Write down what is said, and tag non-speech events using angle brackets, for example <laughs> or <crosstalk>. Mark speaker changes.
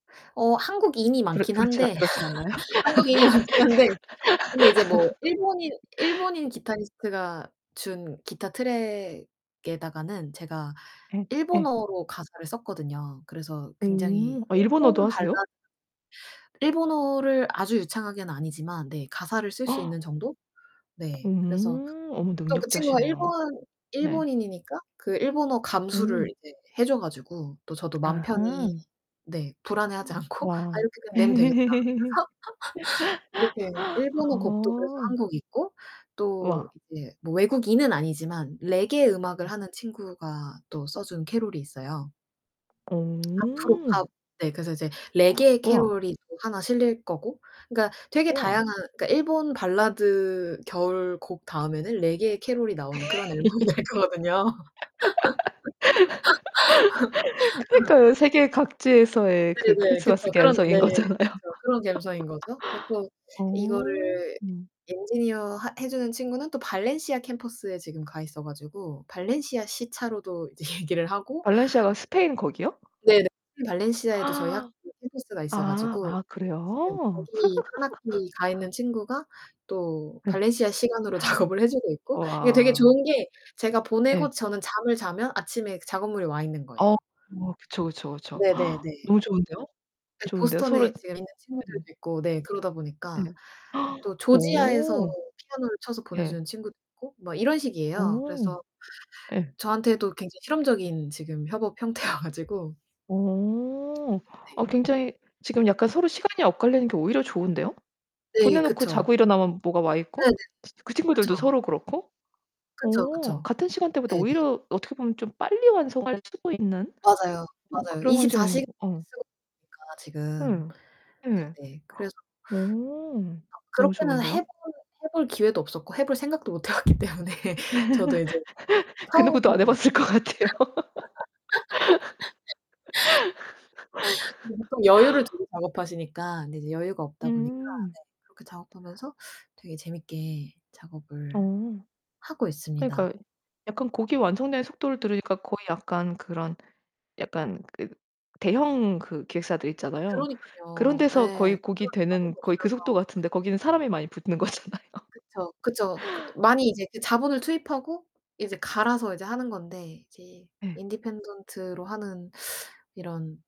Speaker 1: 어 한국인이
Speaker 2: 그렇
Speaker 1: 많긴
Speaker 2: 그렇진
Speaker 1: 한데
Speaker 2: 그렇진 않나요?
Speaker 1: <laughs> 한국인이 많긴 한데 근데 이제 뭐
Speaker 2: <laughs>
Speaker 1: 일본인 일본인 기타리스트가 준 기타 트랙에다가는 제가
Speaker 2: 예 예.
Speaker 1: 일본어로 가사를 썼거든요. 그래서 굉장히
Speaker 2: 음 아 일본어도
Speaker 1: 일본
Speaker 2: 하세요?
Speaker 1: 발라드 일본어를 아주 유창하게는 아니지만 네 가사를 쓸 수
Speaker 2: <gasps>
Speaker 1: 있는 정도? 네. 그래서
Speaker 2: 오. 어머
Speaker 1: 또 그 친구가
Speaker 2: 능력자시네요.
Speaker 1: 일본
Speaker 2: 네.
Speaker 1: 일본인이니까 그 일본어 감수를
Speaker 2: 음.
Speaker 1: 이제 해줘 가지고 또 저도 맘 편히
Speaker 2: 아하.
Speaker 1: 네 불안해하지 않고 아
Speaker 2: 와.
Speaker 1: 이렇게 그냥 내면 되겠다.
Speaker 2: <laughs>
Speaker 1: <laughs> 그렇게 일본어 곡도 그래서
Speaker 2: 어.
Speaker 1: 1 곡 있고 또
Speaker 2: 우와.
Speaker 1: 이제 뭐 외국인은 아니지만 레게 음악을 하는 친구가 또 써준 캐럴이 있어요. 아프로
Speaker 2: 어.
Speaker 1: 팝 네 그래서 이제
Speaker 2: <gasps>
Speaker 1: 레게의
Speaker 2: 우와.
Speaker 1: 캐럴이 또 하나 실릴 거고. 그니까 되게
Speaker 2: 우와.
Speaker 1: 다양한 그니까 일본 발라드 겨울 곡 다음에는 레게의 캐럴이 나오는 그런 앨범이 될 거거든요.
Speaker 2: <laughs>
Speaker 1: <laughs>
Speaker 2: 그니까요. 세계 각지에서의 그
Speaker 1: 네네 그쵸.
Speaker 2: 크리스마스
Speaker 1: 그런
Speaker 2: 감성
Speaker 1: 네.
Speaker 2: 인 거잖아요. <laughs>
Speaker 1: 그래서 그런 감성 인 거죠. 그래 갖고
Speaker 2: 어.
Speaker 1: 이거를
Speaker 2: 음.
Speaker 1: 엔지니어 하 해주는 친구는 또 발렌시아 캠퍼스에 지금 가 있어 가지고 발렌시아 시차로도 이제 얘기를 하고.
Speaker 2: 발렌시아가 스페인 거기요?
Speaker 1: 네 네. 발렌시아에도 저희 학교
Speaker 2: <gasps> 아
Speaker 1: 캠퍼스가 있어 가지고.
Speaker 2: 아
Speaker 1: 지금
Speaker 2: 그래요?
Speaker 1: 거기 1
Speaker 2: <laughs>
Speaker 1: 학기 가 있는 친구가 또
Speaker 2: 네.
Speaker 1: 발렌시아 시간으로 작업을 해 주고 있고. 이게 되게
Speaker 2: 우와.
Speaker 1: 좋은 게 제가 보내고
Speaker 2: 예.
Speaker 1: 저는 잠을 자면 아침에 그 작업물이 와 있는 거예요.
Speaker 2: 어 뭐 그쵸 그쵸 그쵸.
Speaker 1: 네 네
Speaker 2: <gasps>
Speaker 1: 네.
Speaker 2: 너무 좋은데요?
Speaker 1: 네
Speaker 2: 좋은데요. 서로
Speaker 1: 보스턴에 지금 있는
Speaker 2: 네.
Speaker 1: 친구들도 있고 네 그러다 보니까.
Speaker 2: 예. <gasps>
Speaker 1: 또 조지아에서
Speaker 2: 어.
Speaker 1: 피아노를 쳐서
Speaker 2: 예.
Speaker 1: 보내주는 친구도 있고 뭐 이런 식이에요.
Speaker 2: 어.
Speaker 1: 그래서
Speaker 2: 예.
Speaker 1: 저한테도 굉장히 실험적인 지금 협업 형태여 가지고.
Speaker 2: 오.
Speaker 1: 네.
Speaker 2: 아 굉장히 지금 약간 서로 시간이 엇갈리는 게 오히려 좋은데요?
Speaker 1: 네
Speaker 2: 보내놓고
Speaker 1: 그쵸.
Speaker 2: 자고 일어나면 뭐가 와있고?
Speaker 1: 네네.
Speaker 2: 치 그 친구들도
Speaker 1: 그렇죠.
Speaker 2: 서로 그렇고?
Speaker 1: 그쵸
Speaker 2: 오
Speaker 1: 그쵸.
Speaker 2: 같은 시간대보다
Speaker 1: 네네.
Speaker 2: 오히려 어떻게 보면 좀 빨리 완성할 수도 있는
Speaker 1: 맞아요
Speaker 2: 어
Speaker 1: 맞아요.
Speaker 2: 그런
Speaker 1: 24
Speaker 2: 환경인
Speaker 1: 시
Speaker 2: 어.
Speaker 1: <unintelligible> 지금
Speaker 2: 예. 네.
Speaker 1: 네네. 그래서
Speaker 2: 오
Speaker 1: 아
Speaker 2: 너무
Speaker 1: 그렇게는
Speaker 2: 좋은데요?
Speaker 1: 해볼 해볼 기회도 없었고 해볼 생각도 못 해왔기 때문에 저도 이제
Speaker 2: <laughs> 그
Speaker 1: 처음
Speaker 2: 누구도 안 해봤을 것 같아요.
Speaker 1: <laughs> 이제 보통 여유를
Speaker 2: <laughs>
Speaker 1: 두고 작업하시니까 근데 이제 여유가 없다 보니까
Speaker 2: 음.
Speaker 1: 네 그렇게 작업하면서 되게 재밌게 작업을
Speaker 2: 어.
Speaker 1: 하고 있습니다.
Speaker 2: 그니까요. 약간 곡이 완성되는 속도를 들으니까 거의 약간 그런 약간 그 대형 그 기획사들 있잖아요. 그런
Speaker 1: 그러니깐요.
Speaker 2: 데서
Speaker 1: 예.
Speaker 2: 거의 곡이 되는 거의 그 속도 같은데 거기는
Speaker 1: <unintelligible>
Speaker 2: 사람이 많이 붙는 거잖아요.
Speaker 1: 그쵸 그쵸. 그 많이 이제 그 자본을 투입하고 이제 갈아서 이제 하는 건데 이제
Speaker 2: 네.
Speaker 1: independent로 하는 이런